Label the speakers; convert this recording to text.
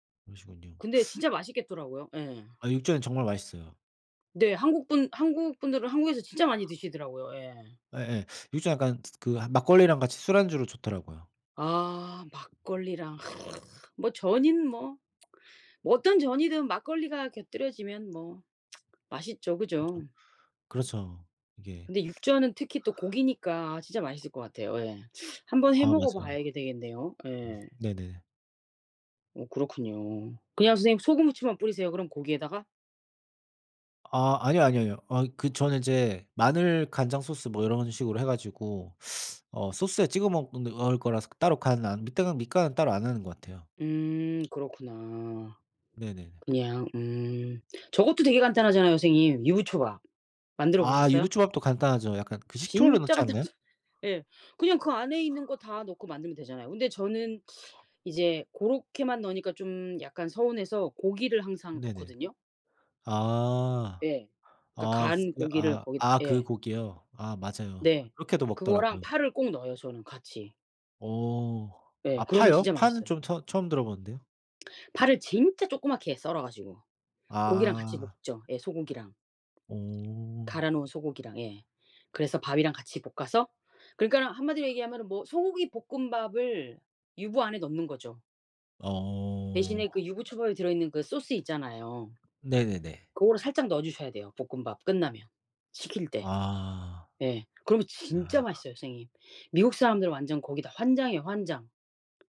Speaker 1: 그러시군요.
Speaker 2: 근데 진짜 맛있겠더라고요. 예.
Speaker 1: 아 육전은 정말 맛있어요.
Speaker 2: 네. 한국 분 한국 분들은 한국에서 진짜 많이 드시더라고요 예.
Speaker 1: 예예. 육전 약간 즈 그 막걸리랑 같이 술안주로 좋더라고요.
Speaker 2: 아 막걸리랑 뭐 전은 뭐 뭐 어떤 전이든 막걸리가 곁들여지면 뭐 맛있죠. 그죠?
Speaker 1: 그죠. 그렇죠. 이게
Speaker 2: 근데 육전은 특히 또 고기니까 아 진짜 맛있을 것 같아요 예. 한번 해
Speaker 1: 아 맞아요.
Speaker 2: 먹어봐야 되겠네요 예.
Speaker 1: 음. 네네.
Speaker 2: 어 그렇군요. 그냥 선생님 소금 후추만 뿌리세요 그럼 고기에다가?
Speaker 1: 아. 아니요, 아니요, 아니요. 아 그 저는 이제 마늘 간장 소스 뭐 이런 식으로 해 가지고 어 소스에 찍어 먹 는을 거라서 따로 간은 안 밑간은 밑간은 따로 안 하는 것 같아요.
Speaker 2: 음. 그렇구나.
Speaker 1: 네네네.
Speaker 2: 그냥 음. 저것도 되게 간단하잖아요 선생님. 유부초밥. 만들어
Speaker 1: 아
Speaker 2: 보셨어요?
Speaker 1: 유부초밥도 간단하죠. 약간 그 식초를
Speaker 2: 진짜
Speaker 1: 넣지 않나요?
Speaker 2: 간단하죠. 예. 그냥 그 안에 있는 거 다 넣고 만들면 되잖아요. 근데 저는
Speaker 1: 헐.
Speaker 2: 이제 고렇게만 넣으니까 좀 약간 서운해서 고기를 항상
Speaker 1: 네네.
Speaker 2: 넣거든요.
Speaker 1: 아.
Speaker 2: 예. 그러니까
Speaker 1: 아 스
Speaker 2: 간
Speaker 1: 네.
Speaker 2: 고기를
Speaker 1: 아.
Speaker 2: 거기다
Speaker 1: 아 그
Speaker 2: 예.
Speaker 1: 고기요? 아 맞아요.
Speaker 2: 네.
Speaker 1: 그렇게도
Speaker 2: 그거랑
Speaker 1: 먹더라고요.
Speaker 2: 파를 꼭 넣어요 저는 같이.
Speaker 1: 어.
Speaker 2: 예.
Speaker 1: 아
Speaker 2: 그러면
Speaker 1: 파요?
Speaker 2: 진짜
Speaker 1: 파는
Speaker 2: 맛있어요.
Speaker 1: 좀 처 처음 들어보는데요?
Speaker 2: 파를 진짜 쪼끄맣게 썰어 가지고. 고기랑 같이
Speaker 1: 아.
Speaker 2: 볶죠 예 소고기랑.
Speaker 1: 어.
Speaker 2: 갈아놓은 소고기랑 예. 그래서 밥이랑 같이 볶아서 그러니까는 1 마디로 얘기하면은 뭐 소고기 볶음밥을 유부 안에 넣는 거죠.
Speaker 1: 어.
Speaker 2: 대신에 그 유부초밥에 들어있는 그 소스 있잖아요.
Speaker 1: 네네네.
Speaker 2: 그거를 살짝 넣어주셔야 돼요 볶음밥 끝나면. 식힐 때.
Speaker 1: 아.
Speaker 2: 예. 그러면
Speaker 1: 야
Speaker 2: 진짜
Speaker 1: 하.
Speaker 2: 맛있어요 선생님. 미국 사람들은 완전 거기 다 환장이에요 환장.